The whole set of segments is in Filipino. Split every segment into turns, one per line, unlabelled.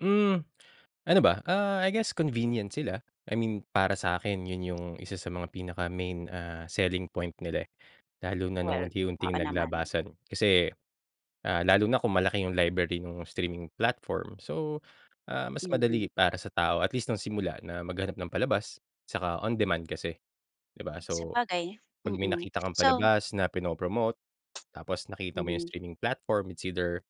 Hmm. Ano ba, ah, I guess convenient sila, I mean para sa'kin yun yung isa sa mga pinaka main, ah, selling point nila, eh. Lalo na nung
Well, oo
unti-unting
naman.
naglabasan kasi, ah, lalo na kung malaki yung library nung streaming platform. So, ah, mas
Mhm.
madali para sa tao at least nung simula na maghanap ng palabas tsaka on demand kasi, 'di ba? So,
Sabagay,
'pag may
mm.
nakita kang
So
palabas na prino-promote tapos nakita mo yung
Mhm.
streaming platform it's either,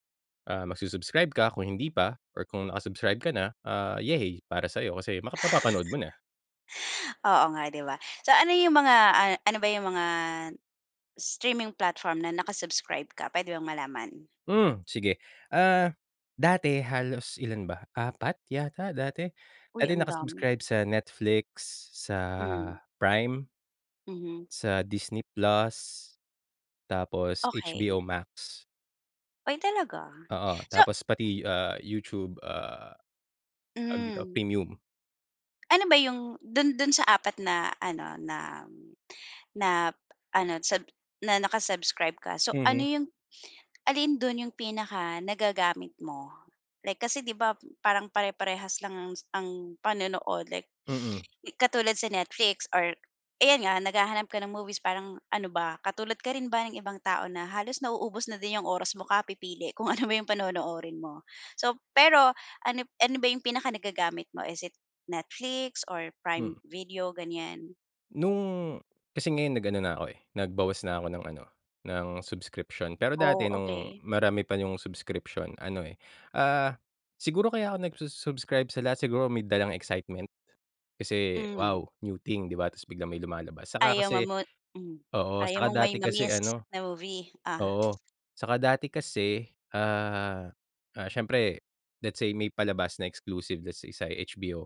ah, magsu-subscribe ka kung hindi pa or kung naka-subscribe ka na, ah, yehey para sa'yo kasi makapa mapapanood mo na.
Oo nga, 'di ba. So, ano yung mga, ah, ano ba yung mga streaming platform na naka-subscribe ka, puwede bang malaman?
Hmm, sige. Ah, dati halos ilan ba? 4 yata dati.
Uy
Dati
ang dami.
naka-subscribe sa Netflix, sa
Hmm.
Prime.
Mhm.
Sa Disney Plus. Tapos HBO
Okey.
Max.
Ay talaga?
Oo,
So
tapos pati, ah, YouTube, ah, tawag dito?
Hmm.
Premium.
Ano ba yung dun dun sa 4 na ano, na na ano, sub na naka-subscribe ka so, ano
Mhm.
yung alin dun yung pinaka nagagamit mo? Like kasi 'di ba parang pare-parehas lang ang ang panonood like,
Mm.
katulad sa Netflix or ayan nga, naghahanap ka ng movies parang ano ba, katulad ka rin ba ng ibang tao na halos nauubos na din yung oras mo kapipili kung ano ba yung panonoorin mo? So, pero ano ano ba yung pinaka nagagamit mo? Is it Netflix or
Hmm.
Prime Video, ganyan?
Nung kasi ngayon nag ano na ko, eh, nagbawas na ako ng ano, ng subscription, pero
Oh,
dati nung
okey.
marami pa yung subscription ano, eh, ah, siguro kaya ako nagsu-subscribe sa lahat siguro may dalang excitement. Kasi
Hmm.
wow, new thing 'di ba ta's biglang may lumalabas. Tsaka
Ayaw
kasi
mamo hmm,
oo,
ayaw
tsaka
mong may
dati kasi
ma-miss
ano
na movie, ah.
oo. Tsaka dati kasi, ah, ah, siyempre let's say may palabas na exclusive, let's say sa HBO.